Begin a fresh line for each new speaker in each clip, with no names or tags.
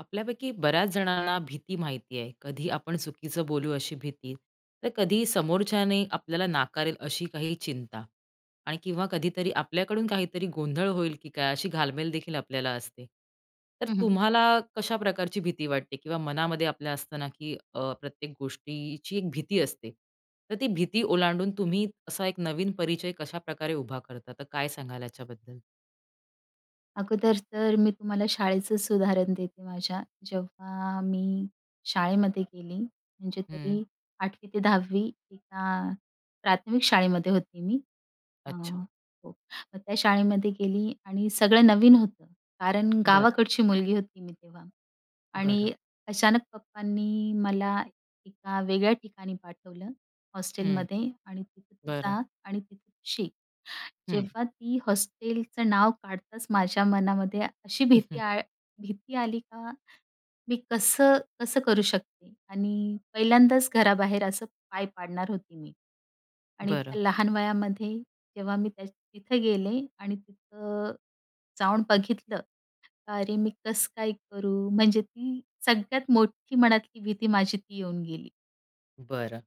आपल्यापैकी बऱ्याच जणांना भीती माहिती आहे. कधी आपण चुकीचं बोलू अशी भीती, तर कधी समोरच्याने आपल्याला नाकारेल अशी काही चिंता आणि किंवा कधीतरी आपल्याकडून काहीतरी गोंधळ होईल, की काय अशी घालमेल देखील आपल्याला असते. तर
हं, हं.
तुम्हाला कशा प्रकारची भीती वाटते किंवा मनामध्ये आपल्या असताना, की अ, प्रत्येक गोष्टीची एक भीती असते. तर ती भीती ओलांडून तुम्ही असा एक नवीन परिचय कशाप्रकारे उभा करता. तर काय सांगाल याच्याबद्दल?
अगोदर तर मी तुम्हाला शाळेचेच उदाहरण देते माझ्या. जेव्हा मी, शाळेमध्ये गेली, म्हणजे
हं.
तरी 8वी ते 10वी तिथं अ, प्राथमिक शाळेमध्ये होते मी, अ
अच्छा.
हो त्या शाळेमध्ये गेली आणि सगळं नवीन होतं, कारण
बरं.
गावाकडची मुलगी होती मी तेव्हा.
बरं.
आणि अचानक पप्पांनी मला एका वेगळ्या ठिकाणी पाठवलं
हं.
हॉस्टेलमध्ये आणि तिथं तू
बरं.
जा आणि तिथे शिक.
हं.
जेव्हा ती हॉस्टेलचं नाव काढताच माझ्या मनामध्ये अशी
हं,
भीती
हं.
आल भीती आली, का, मी कसं, कसं करू शकते आणि पहिल्यांदाच घराबाहेर असं पाय पाडणार होती मी. आणि
बरं.
त्या लहान वयामध्ये, जेव्हा मी त्या तिथं गेले आणि तिथं, जाऊन बघितलं, अरे, मी कसं काय करू? म्हणजे ती सगळ्यात मोठी मनातली भीती माझी ती येऊन गेली.
बरं.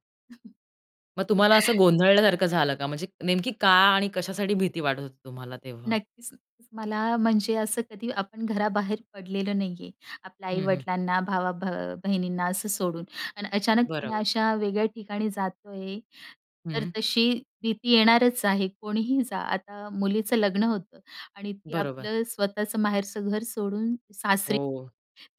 मग तुम्हाला असं गोंधळल्यासारखं झालं का? म्हणजे नेमकी का आणि कशासाठी भीती वाटत होती तुम्हाला तेव्हा?
नक्कीच. मला म्हणजे असं कधी आपण घराबाहेर पडलेलं नाही आहे. आपल्या
हं, हं.
आई-वडिलांना भावा भ बहिणींना असं सोडून अन् अचानक मी
बरोबर.
अशा वेगळ्या ठिकाणी जातोय, तर
हं.
तशी भीती येणारच आहे कोणीही जा. आता मुलीचं लग्न होतं आणि ती
बरोबर.
आपलं स्वतःचं माहेरचं घर सोडून सासरी
हो.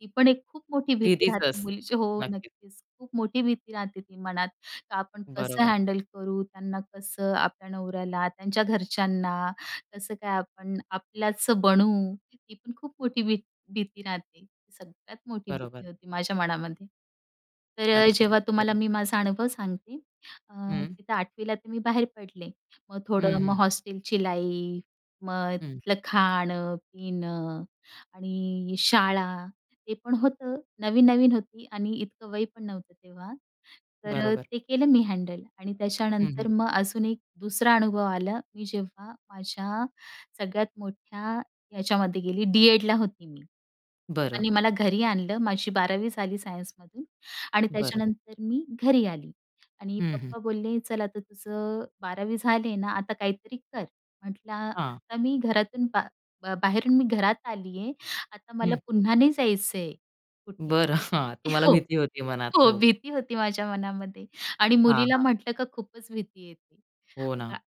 ती पण एक खूप मोठी भीती
भीतीच
राहते
असते,
मुलीची हो,
नक्कीच.
नक्कीच. खूप मोठी भीती राहते ती मनात, का आपण कसं
बरोबर.
हँडल करू, त्यांना कसं आपल्या नवऱ्याला, त्यांच्या घरच्यांना कसं काय आपण आपल्याच बनू, ती पण खूप मोठी भी भीती राहते. सगळ्यात मोठी
बरोबर.
भीती होती माझ्या मनामध्ये. तर अ,
नक्कीच.
जेव्हा
[unintelligible]
तुम्हाला मी माझा अनुभव सांगते अ,
हं
तिथं आठवीला तर मी बाहेर पडले. मग
हं,
थोडं मग
हं.
हॉस्टेलची लाईफ, मग
हं.
तिथलं खाणं, पिणं आणि शाळा ते पण होतं, नवीन-नवीन होती आणि इतकं वय पण नव्हतं तेव्हा. तर
बरोबर.
ते केलं मी हँडल आणि
हं, हं.
त्याच्यानंतर मग अजून एक दुसरा अनुभव आला मी जेव्हा माझ्या सगळ्यात मोठ्या ह्याच्यामध्ये गेली डी-एडला होती मी,
बरं.
पप्पानी मला घरी आणलं माझी 12 वी झाली सायन्समधून आणि
बरं.
त्याच्यानंतर मी घरी आली आणि
हं, हं.
पप्पा बोलले चल आता तुझं 12 वी झाले ना आता काहीतरी कर. म्हटला
हा.
आता मी घरातून बा बाहेरून मी घरात आली आहे, आता मला
हं.
पुन्हा नाही जायचंय कुठे.
बरं हा तुम्हाला
हो,
भीती होती मनात
हो
हो.
भीती होती माझ्या मनामध्ये आणि
हां,
मुलीला
हां.
म्हटलं का खूपच भीती येते.
हो ना.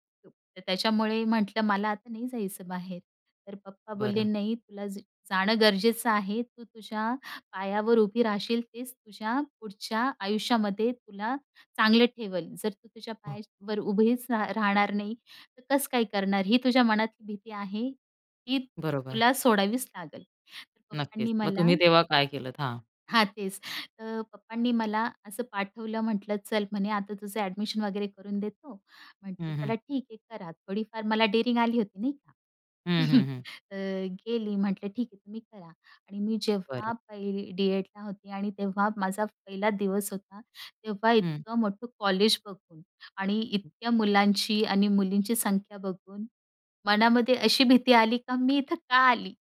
त त्याच्यामुळे म्हटलं, "मला आता नाही जायचं बाहेर." तर पप्पा बोलले,
बरं.
"नाही तुला जा जाणं गरजेचं आहे. तू तुझ्या पायावर उभी राहशील तेच तुझ्या पुढच्या आयुष्यामध्ये तुला चांगलं ठेवल, जर तू तुझ्या
हो.
पायावर उभीच रा राहणार नाही त कसं काय करणार? ही तुझ्या मनातली भीती आहे ती
बरोबर.
तुला सोडावीच लागेल." तर पप्पांनी
नक्कीच, मग
मला
तुम्ही तेव्हा काय केलत? हा.
हां तेच, तर पप्पांनी मला असं पाठवलं, म्हंटलं, "चल म्हणे आता तुझं एडमिशन वगैरे करून देतो." म्हटलं,
हं, हं.
"चला ठीक आहे करा." थोडीफार मला डेरींग आली होती नाही का?
हं, हं, हं.
तर गेली म्हटलं, "ठीक आहे तुम्ही करा" आणि मी
बरं.
जेव्हा पहिली डीएडला होती आणि तेव्हा माझा पहिला दिवस होता, तेव्हा
हं.
इतकं मोठं कॉलेज बघून आणि इतक्या मुलांची आणि मुलींची संख्या बघून मनामध्ये अशी भीती आली का मी इथं का आली?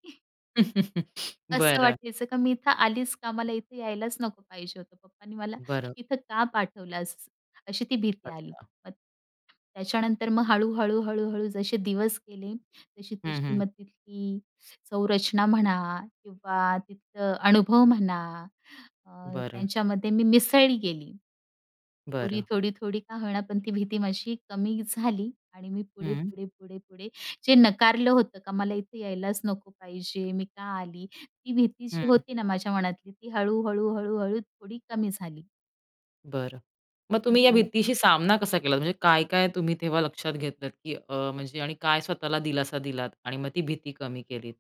असं
बरं.
वाटायचं का मी इथं आलीच का? मला इथे यायलाच नको पाहिजे होतं. पप्पांनी मला
बरं.
इथं का पाठवलास अशी ती भीती आली.
अच्छा.
मग, त्याच्यानंतर मग हळू-हळू, हळू-हळू जसे दिवस गेले,
हं,
तशी-तशी
हं.
मग तिथली संरचना म्हणा किंवा तिथलं अनुभव म्हणा अ,
बरं.
त्यांच्यामध्ये मी मिसळी गेली. थोडी,
बरं.
थोडी, थोडी का होईना, पण ती भीती माझी कमी झाली आणि मी पुढे,
हं.
पुढे, पुढे, पुढे जे नकारलं होतं का, मला इथे यायलाच नको पाहिजे, मी का आली? ती भीती जी
हं.
होती ना माझ्या मनातली ती हळू-हळू, हळू-हळू थोडी कमी झाली.
बरं. मग तुम्ही या
हं.
भीतीशी सामना कसा केलात? म्हणजे काय-काय तुम्ही तेव्हा लक्षात घेतलत, की अ, म्हणजे आणि काय स्वतःला दिलासा दिलात आणि मग ती भीती कमी केलीत,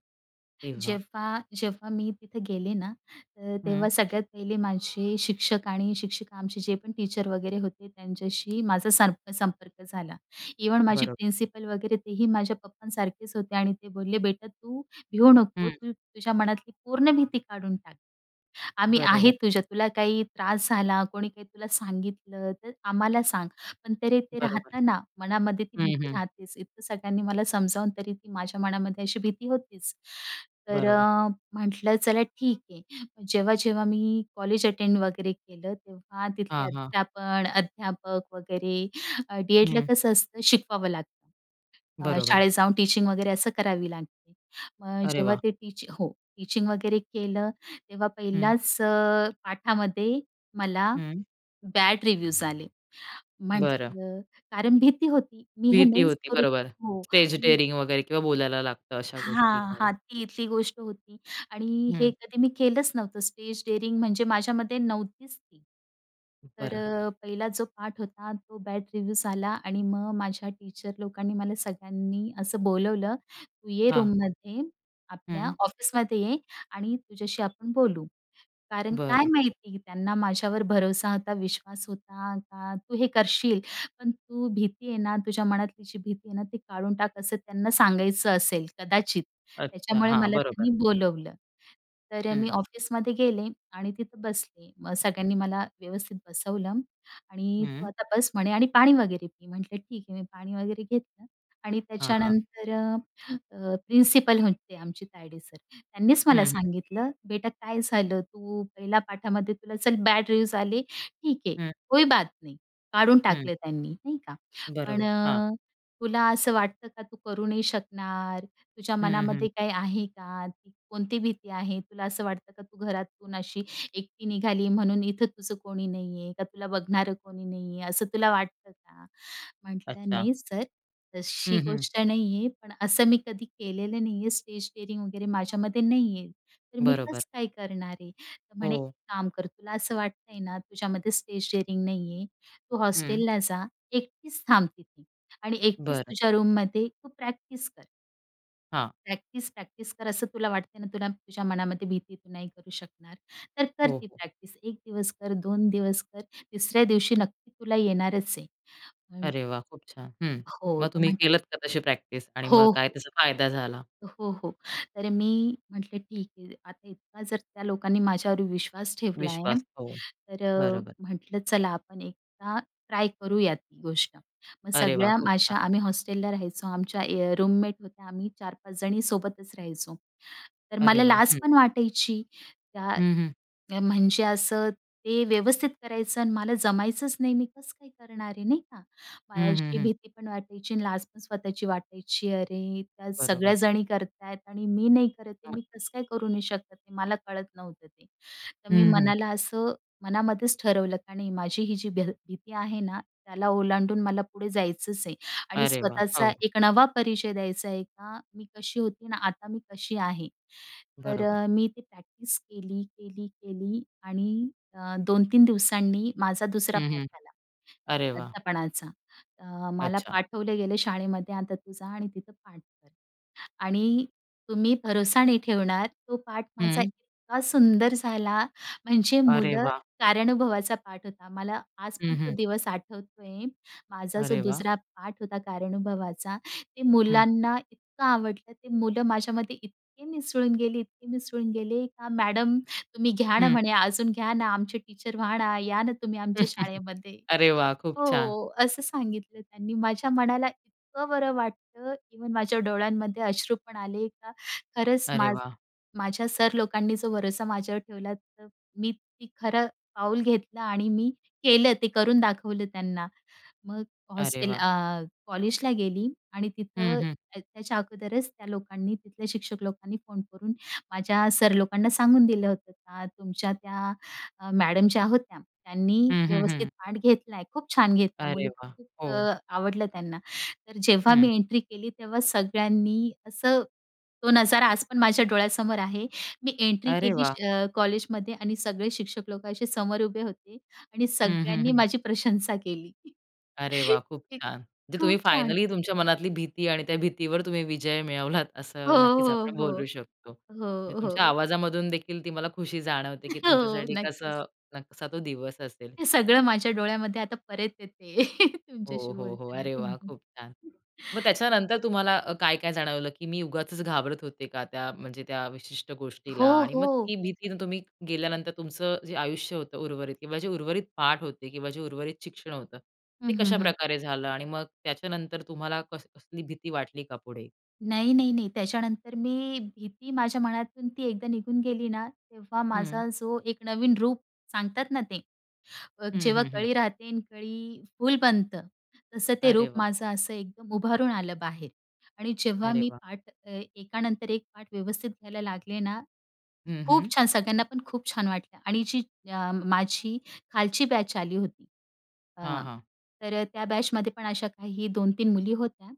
तेव्हा?
जेव्हा जेव्हा मी तिथं गेले ना, तर
हं.
तेव्हा सगळ्यात पहिले माझे शिक्षक आणि शिक्षिका आमचे जे पण टीचर वगैरे होते त्यांच्याशी माझा सारखा संपर्क झाला. इव्हन माझी
बरोब
प्रिन्सिपल वगैरे तेही माझ्या पप्पांसारखेच होते आणि ते बोलले, "बेटा तू भिऊ नको.
हं.
तू तुझ्या मनातली पूर्ण भीती काढून टाक. आम्ही
बरोबर.
आहे. तुझ्या तुला काही त्रास झाला, कोणी काही तुला सांगितलं तर आम्हाला सांग." पण तरी ते
बरोबर.
राहतं ना मनामध्ये ती
हं,
भीती
हं.
राहतेच. इतकं सगळ्यांनी मला समजावून तरी ती माझ्या मनामध्ये अशी भीती होतीच, तर
बरोबर.
अ, म्हटलं चला ठीक आहे, जेव्हा-जेव्हा मी कॉलेज अटेंड वगैरे केलं तेव्हा तिथले
हां, हां.
अध्यापन अध्यापक वगैरे डी-एडला
हम्म.
कसं असतं शिकवावं लागतं.
बरोबर.
शाळेत जाऊन टीचिंग वगैरे असं करावी लागते. मग अ,
अरे
जेव्हा
वाह!
ते टीच हो, टीचिंग वगैरे केलं. तेव्हा
हं.
पहिलाच अ, पाठामध्ये मला
हम्म.
बॅड रिव्यूज आले.
बरं.
म्हटलं कारण भीती होती. मी हे
भीती
नाहीच
होती.
करू
बरोबर,
शक हो,
स्टेज
आणि
डेयरिंग वगैरे किंवा बोलायला लागतं अशा गोष्टी
हां,
काही.
हां, ती इथली गोष्ट होती आणि हे
हं.
कधी मी केलंच नव्हतं. स्टेज डेअरिंग म्हणजे माझ्यामध्ये नव्हतीच ती. तर
बरं.
अ, पहिला जो पाठ होता. तो बॅड रिव्ह्यू झाला आणि मग माझ्या टीचर लोकांनी मला सगळ्यांनी असं बोलवलं," तू ये
हां.
रूममध्ये आपल्या
हं.
ऑफिसमध्ये ये आणि तुझ्याशी आपण बोलू." कारण काय
बरं.
माहिती त्यांना माझ्यावर भरोसा होता, विश्वास होता का तू हे करशील. पण तू भीती आहे ना, तुझ्या मनातली जी भीती आहे ना ती काढून टाक, असं त्यांना सांगायचं असेल कदाचित.
अच्छा.
त्याच्यामुळे
हां,
मला त्यांनी
बरोबर.
बोलवलं. तर अ, मी
हं.
ऑफिसमध्ये गेले आणि तिथं बसले. मग सगळ्यांनी मला व्यवस्थित बसवलं. "आणि तू
हं.
आता बस." म्हणे, "आणि पाणी वगैरे पी." म्हटलं, "ठीक आहे." मी पाणी वगैरे घेतलं आणि
हां, हां.
त्याच्यानंतर अ, प्रिन्सिपल होते आमचे तायडे सर त्यांनीच मला
हं, हं.
सांगितलं, "बेटा काय झालं? तू पहिल्या पाठामध्ये तुला चल बॅड रिव्युज आले. ठीक आहे,
हं.
कोई बात नही." काढून
हं.
टाकलं त्यांनी नाही का, "पण
बरोबर, हां.
अ, तुला असं वाटतं का? तू करू नाही शकणार. तुझ्या
हम्म,
मनामध्ये
हम्म.
काही आहे का? ती कोणती भीती आहे? तुला असं वाटतं का तू घरातून अशी एकटी निघाली म्हणून इथं तुझं कोणी नाही आहे, का तुला बघणारं कोणी नाही आहे असं तुला वाटतं का?" म्हटलं,
अच्छा.
"नाही सर तशी
हं, हं.
गोष्ट नाहीये. पण असं मी कधी केलेलं नाहीये स्टेज डेअरिंग वगैरे, माझ्यामध्ये नाही आहे. तर मी
बरोबर.
कसं काय करणार आहे?" तर म्हणे, "एक
हो.
काम कर. तुला असं वाटतंय ना? तुझ्यामध्ये स्टेज डेअरिंग नाहीये. तू
हं.
हॉस्टेलला जा, एकटीच थांब तिथे आणि एकटीच
बरं.
तुझ्या रूममध्ये तू प्रॅक्टिस कर."
हां.
प्रॅक्टिस, प्रॅक्टिस कर असं तुला वाटतंय ना? तुला तुझ्या मनामध्ये भीती तू नाही करू शकणार. तर कर
हो,
ती
हो.
प्रॅक्टिस 1 दिवस कर, 2 दिवस कर, तिसऱ्या दिवशी नक्की तुला येणारच आहे. म्हण
अरे वाह! खूप छान. हं.
हो.
मग
तर
तुम्ही
म्हण
केलत का तशी प्रॅक्टिस? आणि मग
हो,
काय
हो.
त्याचा फायदा झाला?
हो, हो. तर मी म्हटलं ठीक आहे. आता इतका जर त्या लोकांनी माझ्यावर विश्वास ठेवला आहे.
विश्वास. हो.
तर अ,
बरोबर.
म्हटलं चला आपण एकदा ट्राय करूया ती गोष्ट. मग
अरे वाह!
सगळ्या
खूप
माझ्या
छान.
आम्ही हॉस्टेलला राहायचो, आमच्या ए अ, रूममेट होत्या. आम्ही 4-5 जणी सोबतच राहायचो. तर
अरे
मला
वाह!
लाज
हं.
पण वाटायची. त्या
हं, हं.
म्हणजे असं ते व्यवस्थित करायचं आणि मला जमायचंच नाही मी कसं काय करणार आहे. नाही का? मला
हं, हं,
अशी
हं.
भीती पण वाटायची आणि लाज पण स्वतःची वाटायची. अरे! त्या
बरोबर.
सगळ्याजणी करत आहेत आणि नाही करत. ते
हं.
मी कसं काय करू नाही शकत? ते मला कळत नव्हतं ते. तर मी
हं, हं.
मनाला असं मनामध्येच ठरवलं आणि माझी ही जी भी भीती आहे ना त्याला ओलांडून मला पुढे जायचंच आहे. आणि
अरे वाह!
स्वतःचा
हो.
एक नवा परिचय द्यायचा आहे का, मी कशी होती ना, आता मी कशी आहे. तर
बरोबर.
मी ते प्रॅक्टिस केली, केली, केली आणि अ, 2-3 दिवसांनी माझा दुसरा
हं,
पाठ
हं.
आला,
अरे वाह!
अध्यापनाचा. अ, मला
अच्छा.
पाठवले गेले शाळेमध्ये आता तू जा आणि तिथं पाठ कर. आणि तुम्ही भरोसा नाही ठेवणार, तो पाठ माझा
हं.
इतका सुंदर झाला. म्हणजे
अरे
मुलं
वाह!
कार्यानुभवाचा पाठ होता मला आज पण
हं,
तो
हं.
दिवस आठवतोय, माझा जो
अरे वाह!
2रा पाठ होता कार्यानुभवाचा ते
हं.
मुलांना इतकं आवडलं. ते मुलं माझ्यामध्ये इतके मिसळून गेले, इतके मिसळून गेले का "मॅडम तुम्ही घ्या ना"
हं.
म्हणे, "अजून घ्या ना, आमचे टीचर व्हा ना, या ना तुम्ही, आमच्या शाळेमध्ये."
अरे वाह! खूप छान.
हो. असं सांगितलं त्यांनी माझ्या मनाला इतकं बरं वाटतं. इव्हन माझ्या डोळ्यांमध्ये अश्रूपण आले. का खरंच
अरे
मा
वाह!
माझ्या सर लोकांनी जो भरोसा माझ्यावर ठेवला. तर मी ते खरं पाऊल घेतलं आणि मी केलं, ते करून दाखवलं त्यांना. मग
अरे
हॉस्टेल
वाह!
अ, कॉलेजला गेली, आणि
हं,
तिथं
हं.
त्या त्याच्या अगोदरच त्या लोकांनी तिथल्या शिक्षक लोकांनी फोन करून माझ्या सर लोकांना सांगून दिलं होतं का, "तुमच्या त्या अ, मॅडम ज्या होत्या त्यांनी
हं, हं,
व्यवस्थित
हं.
पाठ घेतला आहे. खूप छान घेतला
अरे
मुलं तर
वाह!
खूप
हो.
क आवडलं त्यांना. तर जेव्हा
हं.
मी एंट्री केली तेव्हा सगळ्यांनी असं, तो नजारा आज पण माझ्या डोळ्यासमोर आहे. मी एंट्री
अरे
केली
वाह!
अ, कॉलेजमध्ये आणि सगळे शिक्षक लोक असे समोर उभे होते आणि
हं, हं,
सगळ्यांनी
हं.
माझी प्रशंसा केली.
अरे वाह! खूप छान. जे
खूप
तुम्ही
छान.
फायनली तुमच्या मनातली भीती आणि त्या भीतीवर तुम्ही विजय मिळवलात.
हो,
असं नक्कीच
हो,
आपण बोलू
हो,
शकतो. म्हणजे
हो,
तुमच्या
हो.
आवाजामधून देखील ती मला खुशी जाणवते, की
हो.
तुमच्यासाठी
नक्कीच.
कसं न कसा तो दिवस असेल.
हे सगळं माझ्या डोळ्यामध्ये आता परत येते
हो,
तुमच्याशी
हो, हो.
बोलताना
अरे वाह!
तेव्हा.
खूप छान. मग त्याच्यानंतर तुम्हाला अ, काय, काय जाणवलं? की मी उगाचच घाबरत होते का? त्या म्हणजे त्या विशिष्ट
हो,
गोष्टीला? आणि मग
हो.
ती भीतीनं तुम्ही गेल्यानंतर तुमचं जे आयुष्य होतं उर्वरित किंवा जे उर्वरित पाठ होते किंवा जे उर्वरित शिक्षण होतं
हं,
ते
हं, हं.
कशाप्रकारे झालं? आणि मग त्याच्यानंतर तुम्हाला कस कसली भीती वाटली का पुढे?
नाही, नाही, नाही. त्याच्यानंतर मी भीती माझ्या मनातून ती एकदा निघून गेली ना. तेव्हा
हं.
माझा जो एक नवीन रूप सांगतात ना ते, अ,
हं,
जेव्हा
हं, हं.
कळी राहते आणि कळी फुल बनतं तसं ते
अरे
रूप
वाह!
माझं असं एकदम उभारून आलं बाहेर. आणि जेव्हा
अरे
मी
वाह!
पाठ अ, एकानंतर एक पाठ व्यवस्थित घ्यायला लागले ना
हं,
खूप
हं.
छान! सगळ्यांना पण खूप छान वाटलं. आणि जी अ, माझी खालची बॅच आली होती
हां,
अ,
हां.
तर त्या बॅचमध्ये पण अशा काही 2-3 मुली होत्या,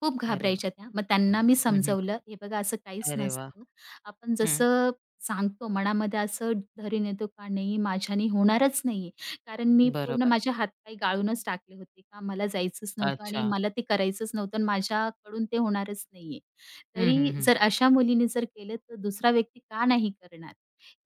खूप
अरे वाह!
घाबरायच्या त्या. मग त्यांना मी
हं, हं.
समजावलं हे बघा असं काहीच
अरे वाह!
नसतं. आपण
हं.
जसं सांगतो मनामध्ये, असं धरी नेतो का नाही माझ्याने होणारच नाही आहे. कारण मी पूर्ण
बरोबर.
माझे हातपाय गाळूनच टाकले होते का मला जायचंच नव्हतं. आणि
अच्छा.
मला ते करायचंच नव्हतं आणि माझ्याकडून ते होणारच नाही आहे.
हं, हं,
तरी
हं.
जर अशा मुलींनी जर केलं, तर दुसरा व्यक्ती का नाही करणार?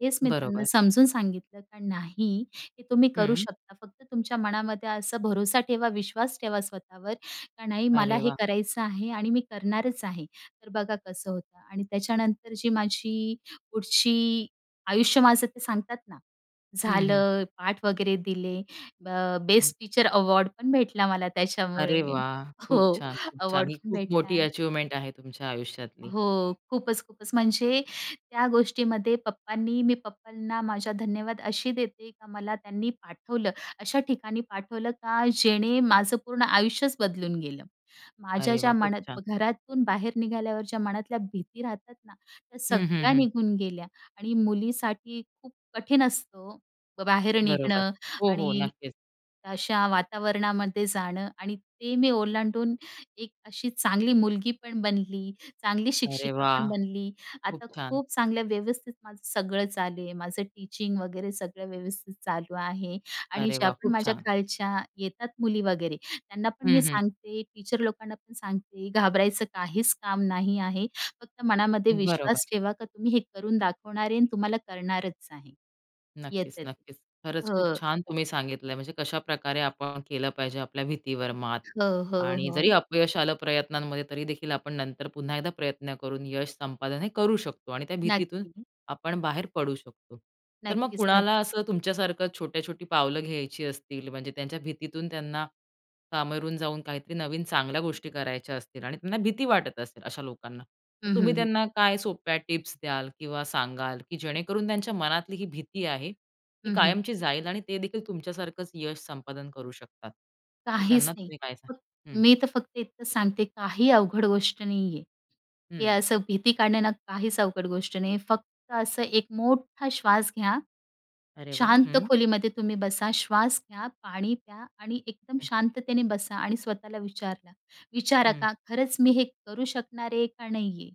हेच मी त्यांना
बरोबर.
समजून सांगितलं. का, नाही ते तुम्ही करू
हं.
शकता, फक्त तुमच्या मनामध्ये असा भरोसा ठेवा, विश्वास ठेवा, स्वतःवर का नाही मला
अरे
हे
वाह!
करायचं आहे आणि मी करणारच आहे. तर बघा कसं होतं आणि त्याच्यानंतर जी माझी, पुढची, आयुष्य माझं ते सांगतात ना.
हं, हं.
झालं पाठ वगैरे दिले. ब
हं.
बेस्ट टीचर अवॉर्ड पण भेटला मला त्याच्यामुळे.
अरे वाह! खूप
हो
छान, खूप छान.
अवॉर्ड
ही
पण
खूप
भेटला.
मोठी अचिवमेंट आहे तुमच्या आयुष्यातली.
हो. खूपच, खूपच. म्हणजे त्या गोष्टीमध्ये पप्पांनी, मी पप्पांना, माझा धन्यवाद अशी देते का मला त्यांनी पाठवलं. अशा ठिकाणी पाठवलं का, जेणे माझं पूर्ण आयुष्यच बदलून गेलं. माझ्या
अरे वाह!
ज्या
खूप छान.
मनात घरातून बाहेर निघाल्यावर, ज्या मनातल्या भीती राहतात ना, त्या
हं, हं,
सगळ्या
हं.
निघून गेल्या. आणि मुलीसाठी खूप कठीण असतो ओ, बाहेर
बरोबर.
निघणं
हो, हो.
आणि
नक्कीच.
अशा वातावरणामध्ये जाणं. आणि ते मी ओलांडून एक अशी चांगली मुलगी पण बनली, चांगली
अरे
शिक्षिका
वाह!
पण बनली,
खूप
आता
छान.
खूप चांगल्या व्यवस्थित माझं सगळं चालू आहे. माझं टीचिंग वगैरे सगळं व्यवस्थित चालू आहे. आणि
अरे
ज्या
वाह!
पण
खूप
माझ्या
छान.
खालच्या येतात मुली वगैरे. त्यांना पण मी
हं, हं.
सांगते, टीचर लोकांना पण सांगते, घाबरायचं काहीच काम नाही आहे. फक्त मनामध्ये
बरोबर.
विश्वास ठेवा का, तुम्ही हे करून दाखवणार आहे आणि तुम्हाला करणारच आहे.
नक्कीच,
येतात.
नक्कीच. खरंच खूप
हं.
छान तुम्ही सांगितलं आहे. म्हणजे कशाप्रकारे आपण केलं पाहिजे आपल्या भीतीवर मात.
हो, हो,
आणि जरी
हो.
अपयश आलं प्रयत्नांमध्ये तरीदेखील आपण नंतर पुन्हा एकदा प्रयत्न करून यश संपादन हे करू शकतो. आणि त्या भीतीतून
नक्की.
आपण बाहेर पडू शकतो. तर मग
नक्कीच, नक्कीच.
कुणाला असं तुमच्यासारखं छोट्या-छोटी पावलं घ्यायची असतील? म्हणजे त्यांच्या भीतीतून त्यांना, कांगावून जाऊन काहीतरी नवीन चांगल्या गोष्टी करायच्या असतील आणि त्यांना भीती वाटत असेल अशा लोकांना. तर
हं, हं,
तुम्ही
हं.
त्यांना काय सोप्या टिप्स द्याल? किंवा सांगाल? की जेणेकरून त्यांच्या मनातली ही भीती आहे, ती
हं, हं.
कायमची जाईल आणि ते देखील तुमच्यासारखंच यश संपादन करू शकतात. तर त्यांना
काहीच नाही.
तुम्ही काय सांग
फ
हं.
मी तर फक्त इतकंच सांगते, काही अवघड गोष्ट नाहीये. हे
हं.
असं भीती काढणे ना काहीच अवघड गोष्ट नाहीये. फक्त असं एक मोठा श्वास घ्या.
अरे वाह!
शांत
हं.
खोलीमध्ये तुम्ही बसा, श्वास घ्या, पाणी प्या आणि एकदम
हं.
शांततेने बसा आणि स्वतःला विचारला विचारा
हं.
का खरंच मी हे करू शकणार आहे का नाहीये?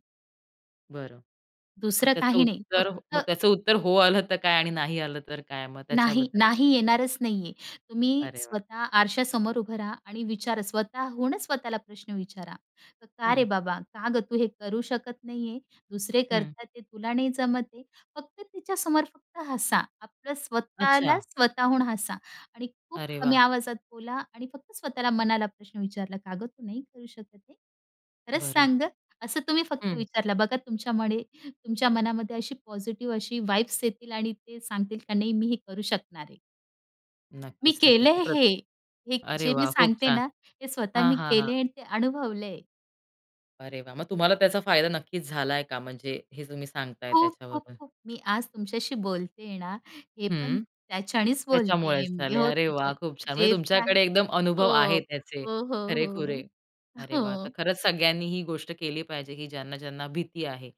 बरं. मग
दुसरं
त्याचं
काही नाही.
उत्तर मग
फक्त
त्याचं उत्तर हो आलं तर काय आणि नाही आलं तर काय, मग
नाही,
त्याच्याबद्दल काय?
नाही येणारच नाहीये. तुम्ही
अरे वाह!
स्वतः आरशासमोर उभं राहा आणि विचार स्वतःहूनच स्वतःला प्रश्न विचारा. "का रे
हं.
बाबा? का गं तू? हे करू शकत नाहीये. दुसरे
हं.
करतात ते तुला नाही जमत आहे." फक्त तिच्या समोर फक्त हसा. आपलं स्वतःला
अच्छा!
स्वतःहून हसा आणि खूप
अरे
कमी
वा!
आवाजात बोला आणि फक्त स्वतःला मनाला प्रश्न विचारला," का गं तू नाही करू शकत हे? खरंच
बरं.
सांग ग." असं तुम्ही फक्त
हं.
विचारलं. बघा तुमच्यामध्ये, तुमच्या मनामध्ये अशी पॉझिटिव्ह अशी येतील व्हाइब्स आणि ते सांगतील का नाही मी हे करू शकणार आहे. मी केलंय
नक्कीच-नक्कीच प्र
हे. हे
अरे
जे मी
वाह! खूप
सांगते
छान.
ना, ते स्वतः
हां,
मी
हां, हां.
केले आणि ते अनुभवलंय.
अरे वाह! मग तुम्हाला त्याचा फायदा नक्कीच झालाय का? म्हणजे हे तुम्ही सांगताय
खूप, खूप,
त्याच्यावरून.
खूप मी आज तुमच्याशी बोलतेय ना, हे पण
हं.
त्याच्यानीच बोलतेय
त्याच्यामुळेच
मी
झाले.
हो
अरे वाह
त्याच्यानी
खूप छान! म्हणजे
जे पण आहे
तुमच्याकडे एकदम अनुभव
हो,
आहे त्याचे
हो, हो, हो, हो.
खरेखुरे. अरे वाह! तर
हो.
खरंच सगळ्यांनी ही गोष्ट केली पाहिजे की ज्यांना ज्यांना भीती आहे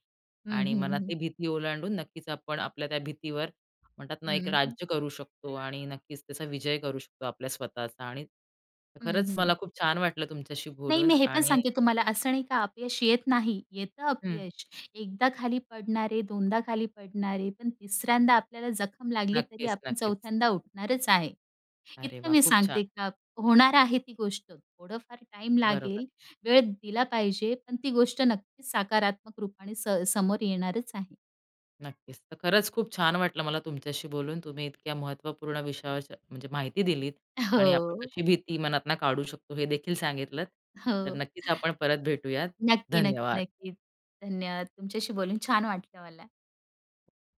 हं,
आणि
हं,
मनात
हं.
ती भीती ओलांडून नक्कीच आपण आपल्या त्या भीतीवर म्हणतात ना एक
हं.
राज्य करू शकतो आणि नक्कीच त्याचा विजय करू शकतो. आपल्या स्वतःचा आणि
हं,
खरंच
हं.
मला खूप छान वाटलं तुमच्याशी
नाही,
बोलून
मी हे पण
आणि
सांगते तुम्हाला असं नाही का अपयश येत नाही. येतं
हं.
अपयश, एकदा खाली पडणार आहे, दोनदा खाली पडणार आहे पण तिसऱ्यांदाआपल्याला जखम लागली तरी
नक्कीच,
आपण
नक्कीच.
चौथ्यांदा उठणारच आहे.
अरे
इतकं
वाह!
मी
खूप छान.
सांगते का होणार आहे ती गोष्ट. थोडंफार टाईम
बरोबर.
लागेल, वेळ दिला पाहिजे, पण ती गोष्ट नक्कीच सकारात्मक रूपाने स समोर येणारच आहे.
नक्कीच, तर खरंच खूप छान वाटलं मला तुमच्याशी बोलून तुम्ही इतक्या महत्त्वपूर्ण विषयावर म्हणजे माहिती दिलीत आणि आपण
हो.
कशी भीती मनातनं काढू शकतो, हे देखील सांगितलंत
हो,
तर नक्कीच आपण परत भेटूयात.
नक्की, नक्की,
धन्यवाद.
नक्कीच. धन्यवाद तुमच्याशी बोलून छान वाटलं मला.